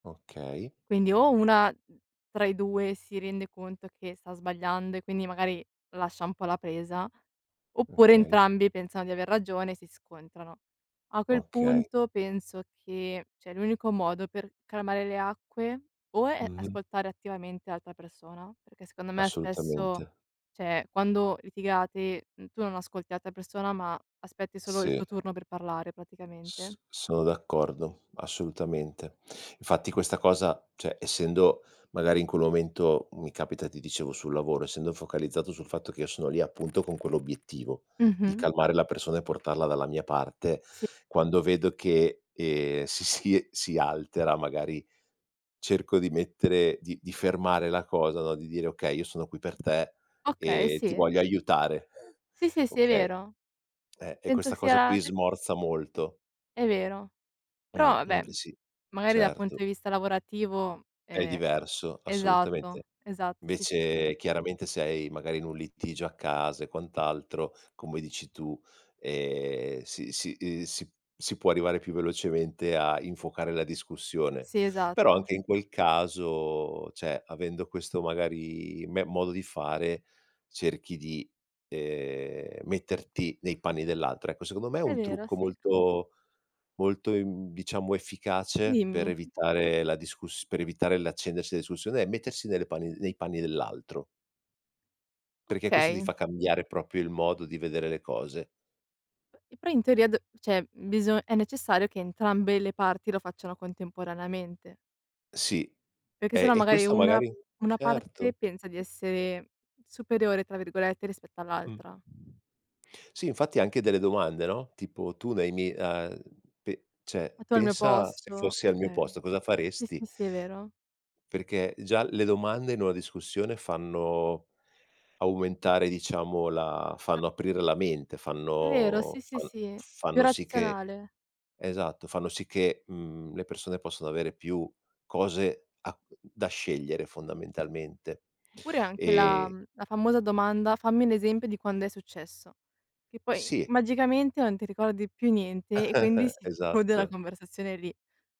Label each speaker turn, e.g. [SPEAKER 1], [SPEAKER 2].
[SPEAKER 1] Okay.
[SPEAKER 2] Quindi o una tra i 2 si rende conto che sta sbagliando e quindi, magari, lascia un po' la presa, oppure
[SPEAKER 1] Okay.
[SPEAKER 2] entrambi pensano di aver ragione e si scontrano. A quel
[SPEAKER 1] Okay.
[SPEAKER 2] punto penso che, cioè, l'unico modo per calmare le acque o è
[SPEAKER 1] Mh-mh.
[SPEAKER 2] ascoltare attivamente l'altra persona, perché secondo me, spesso,
[SPEAKER 1] Assolutamente.
[SPEAKER 2] cioè, quando litigate, tu non ascolti l'altra persona, ma aspetti solo il
[SPEAKER 1] Sì.
[SPEAKER 2] tuo turno per parlare, praticamente.
[SPEAKER 1] S sono d'accordo, assolutamente. Infatti questa cosa, cioè, essendo, magari, in quel momento mi capita, ti dicevo, sul lavoro, essendo focalizzato sul fatto che io sono lì, appunto, con quell'obiettivo di
[SPEAKER 2] Mh-mh.
[SPEAKER 1] calmare la persona e portarla dalla mia parte.
[SPEAKER 2] Sì.
[SPEAKER 1] Quando vedo che, ehm, si si si altera, magari, cerco di mettere di di fermare la cosa, no, di dire: "Okay, io sono qui per te
[SPEAKER 2] Okay,
[SPEAKER 1] e ti
[SPEAKER 2] sì.
[SPEAKER 1] voglio aiutare.",
[SPEAKER 2] Sì, sì, sì, è
[SPEAKER 1] okay.
[SPEAKER 2] vero.
[SPEAKER 1] E
[SPEAKER 2] Penso
[SPEAKER 1] questa
[SPEAKER 2] sia
[SPEAKER 1] cosa
[SPEAKER 2] la
[SPEAKER 1] qui
[SPEAKER 2] d
[SPEAKER 1] smorza molto.
[SPEAKER 2] È vero. Però, vabbè,
[SPEAKER 1] Mh-mh, sì,
[SPEAKER 2] magari, dal punto
[SPEAKER 1] certo.
[SPEAKER 2] di vista lavorativo,
[SPEAKER 1] È
[SPEAKER 2] ehm
[SPEAKER 1] diverso, assolutamente.
[SPEAKER 2] esatto, esatto, sì, sì, sì.
[SPEAKER 1] Invece, chiaramente, sei, magari, in un litigio a casa e quant'altro, come dici tu, ehm, si si si può arrivare più velocemente a infuocare la discussione.
[SPEAKER 2] Sì,
[SPEAKER 1] Però,
[SPEAKER 2] esatto.
[SPEAKER 1] anche in quel caso, cioè, avendo questo, magari, me modo di fare cerchi di, ehm, metterti nei panni dell'altro, ecco. Secondo me,
[SPEAKER 2] È
[SPEAKER 1] un
[SPEAKER 2] vero,
[SPEAKER 1] trucco
[SPEAKER 2] sì.
[SPEAKER 1] molto molto, ehm, diciamo, efficace, per
[SPEAKER 2] Dimmi.
[SPEAKER 1] evitare la discuss per evitare l'accendersi della discussione è mettersi nelle panni nei panni dell'altro. Perché questo ti
[SPEAKER 2] Okay.
[SPEAKER 1] fa cambiare proprio il modo di vedere le cose.
[SPEAKER 2] P e però, in teoria, d cioè, biso è necessario che entrambe le parti lo facciano contemporaneamente.
[SPEAKER 1] Sì,
[SPEAKER 2] Perché se
[SPEAKER 1] e
[SPEAKER 2] no,
[SPEAKER 1] e
[SPEAKER 2] magari,
[SPEAKER 1] questo,
[SPEAKER 2] una
[SPEAKER 1] magari,
[SPEAKER 2] una
[SPEAKER 1] certo.
[SPEAKER 2] parte pensa di essere "superiore", tra virgolette, rispetto
[SPEAKER 1] Mh.
[SPEAKER 2] all'altra.
[SPEAKER 1] Sì, infatti anche delle domande no, tipo: "Tu nei mi uhm, p cioè,
[SPEAKER 2] Metto al mio
[SPEAKER 1] pensa, se
[SPEAKER 2] posto,
[SPEAKER 1] fossi al mio
[SPEAKER 2] okay.
[SPEAKER 1] posto, cosa
[SPEAKER 2] Sì,
[SPEAKER 1] faresti?"
[SPEAKER 2] sì, sì, è vero.
[SPEAKER 1] Perché già le domande in una discussione fanno aumentare, diciamo, la fanno aprire la mente,
[SPEAKER 2] È vero,
[SPEAKER 1] fanno
[SPEAKER 2] sì, sì,
[SPEAKER 1] fan
[SPEAKER 2] sì. Più
[SPEAKER 1] fanno sì che
[SPEAKER 2] razionale.
[SPEAKER 1] esatto, fanno sì che, mhmm, le persone possano avere più cose a da scegliere, fondamentalmente,
[SPEAKER 2] Oppure anche la
[SPEAKER 1] ehm
[SPEAKER 2] la famosa domanda: "Fammi un esempio di quando è successo". Che poi,
[SPEAKER 1] Sì.
[SPEAKER 2] magicamente, non ti ricordi più niente e quindi si conclude la
[SPEAKER 1] Esatto.
[SPEAKER 2] conversazione lì.